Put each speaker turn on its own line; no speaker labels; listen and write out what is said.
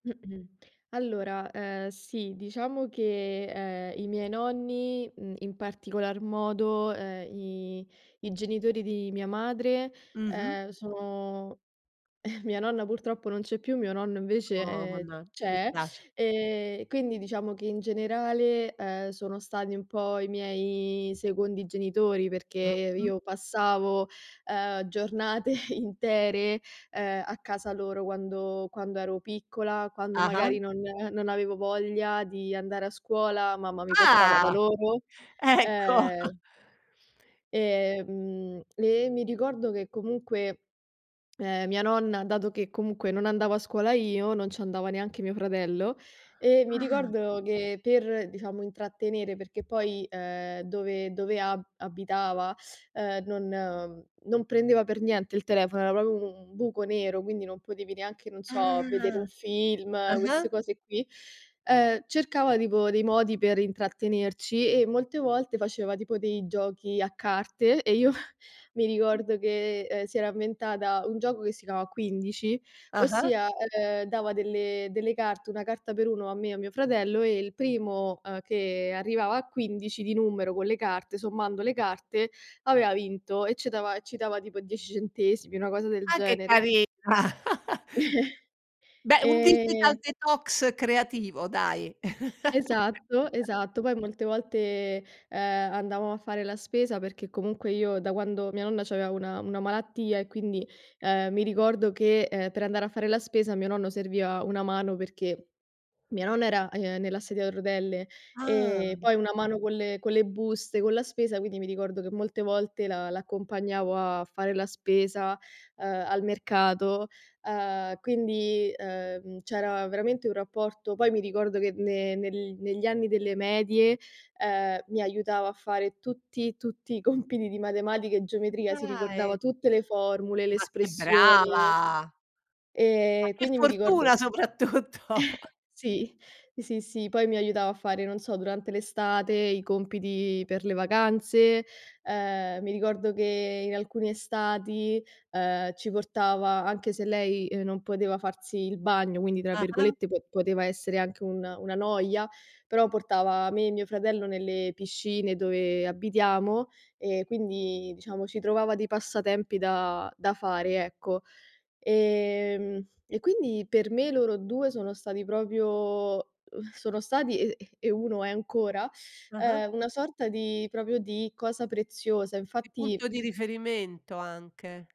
Allora, ehm, sì, diciamo che, ehm, i miei nonni, mhmm, in particolar modo, ehm, i i genitori di mia madre,
Mh-mh.
ehm, sono mia nonna purtroppo non c'è più, mio nonno invece,
Oh,
ehm,
manna mi
c'è,
spiace.
ehm, quindi diciamo che in generale, uhm, sono stati un po' i miei secondi genitori, perché
Mh-mh.
io passavo, ehm, giornate intere, ehm, a casa loro quando quando ero piccola, quando
Ah-ah.
magari non non avevo voglia di andare a scuola, mamma mi portava da
Ah!
loro,
Ecco.
ehm Ehm, e mi ricordo che comunque, ehm, mia nonna, dato che comunque non andavo a scuola io, non ci andava neanche mio fratello. E mi
Ah!
ricordo che per, diciamo, intrattenere, perché poi, ehm, dove dove a abitava, ehm, non non prendeva per niente il telefono, era proprio un buco nero, quindi non potevi neanche, non so, vedere
Ah!
un film,
Ah-ah.
queste cose qui, ehm, cercava tipo dei modi per intrattenerci, e molte volte faceva tipo dei giochi a carte e io, mi ricordo che, ehm, si era inventata un gioco che si chiamava 15,
Ah-ah.
ossia, ehm, dava delle delle carte, una carta per uno a me e a mio fratello e il primo, ehm, che arrivava a 15 di numero con le carte, sommando le carte, aveva vinto e ce dava e ci dava tipo 10 centesimi, una cosa del
Ah che
genere.
carina! Beh, un digital
Ehm.
detox creativo dai!
Esatto, esatto. Poi molte volte, ehm, andavamo a fare la spesa, perché comunque io da quando mia nonna c'aveva una una malattia e quindi, ehm, mi ricordo che, ehm, per andare a fare la spesa a mio nonno serviva una mano, perché mia nonna era, ehm, nella sedia a rotelle, ehm,
Ah!
poi una mano con le con le buste, con la spesa, quindi mi ricordo che molte volte l' a l'accompagnavo a fare la spesa, ehm, al mercato, uhm, quindi, ehm, c'era veramente un rapporto poi mi ricordo che ne nel negli anni delle medie, ehm, mi aiutava a fare tutti, tutti i compiti di matematica e geometria, si ricordava
Dai!
tutte le formule, le
Ma che
espressioni,
brava. Ma
ehm,
che
quindi mi ricordo
fortuna, soprattutto!
sì, sì, sì poi mi aiutava a fare, non so, durante l'estate i compiti per le vacanze, ehm, mi ricordo che in alcune estati, ehm, ci portava anche se lei, uhm, non poteva farsi il bagno, quindi tra
Ah-ah.
virgolette po poteva essere anche una una "noia", però portava me e mio fratello nelle piscine dove abitiamo. E quindi, diciamo, ci trovava dei passatempi da da fare, ecco, ehm, e quindi per me loro 2 sono stati proprio uhm, sono stati e e 1 è ancora,
Ah-ah.
ehm, una sorta di proprio di cosa preziosa.
Di
Infatti
punto di riferimento, anche.